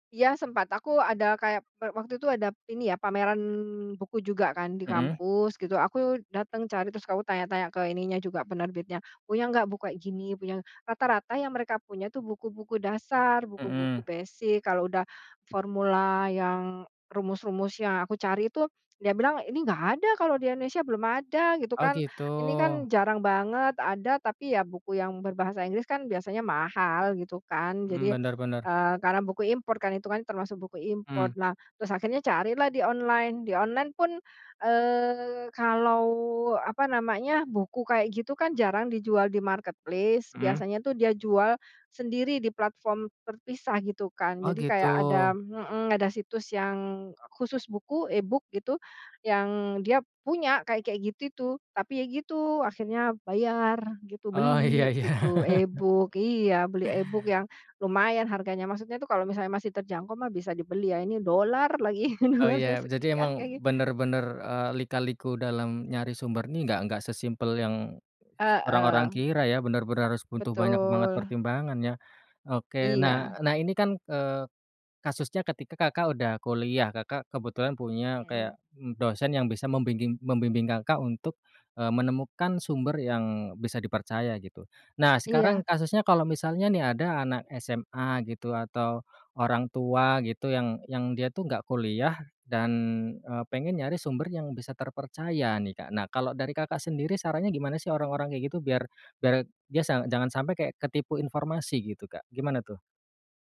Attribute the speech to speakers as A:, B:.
A: Iya, sempat. Aku ada kayak pe waktu itu ada ini ya, pameran buku juga kan di
B: Hmm.
A: kampus gitu, aku datang cari, terus aku tanya-tanya ke ininya juga penerbitnya, punya nggak buku kayak gini, punya ng rata-rata yang mereka punya tuh, buku-buku dasar,
B: Hmm.
A: buku-buku basic, kalau udah formula yang rumus-rumus yang aku cari itu, dia bilang ini nggak ada kalau di Indonesia, belum ada, gitu
B: Oh,
A: kan.
B: gitu.
A: Ini kan jarang banget, ada, tapi ya buku yang berbahasa Inggris kan biasanya mahal gitu kan,
B: Hmm,
A: jadi,
B: benar benar.
A: eee, karena buku impor kan, itu kan termasuk buku
B: Mmm.
A: impor. Nah, terus akhirnya carilah di online, di online pun, eee, kalau, apa namanya, buku kayak gitu kan jarang dijual di marketplace,
B: Hmm.
A: biasanya tuh dia jual sendiri di platform terpisah, gitu kan.
B: Oh,
A: Jadi kayak ada
B: gitu.
A: hmm, ada situs yang khusus buku e-book gitu, yang dia punya kayak kayak gitu itu, tapi ya gitu, akhirnya bayar gitu,
B: Oh, iya
A: beli
B: iya.
A: gitu, e-book iya, beli e-book yang lumayan harganya maksudnya tuh, kalau misalnya masih terjangkau mah bisa dibeli ya, ini dollar lagi,
B: Oh,
A: dollarnya
B: ya, jadi
A: sekian
B: emang
A: kengi
B: benar benar, eee, lika-liku dalam nyari sumber nih, nggak nggak sesimpel yang orang-orang
A: Heeh.
B: kira ya, benar benar harus butuh banyak banget
A: Betul.
B: pertimbangan ya. Oke, nah
A: Iya.
B: nah, ini kan, eee, kasusnya ketika Kakak udah kuliah, Kakak kebetulan punya
A: Hmm.
B: kayak dosen yang bisa membingging membimbing Kakak untuk, eee, menemukan sumber yang bisa dipercaya, gitu. Nah, sekarang
A: Iya.
B: kasusnya kalau misalnya nih ada anak SMA gitu, atau orang tua gitu, yang yang dia tuh nggak kuliah dan, eee, pengen nyari sumber yang bisa terpercaya nih, Kak. Nah, kalau dari Kakak sendiri sarannya gimana sih orang-orang kayak gitu biar biar dia sang jangan sampai kayak ketipu informasi gitu, Kak, gimana tuh?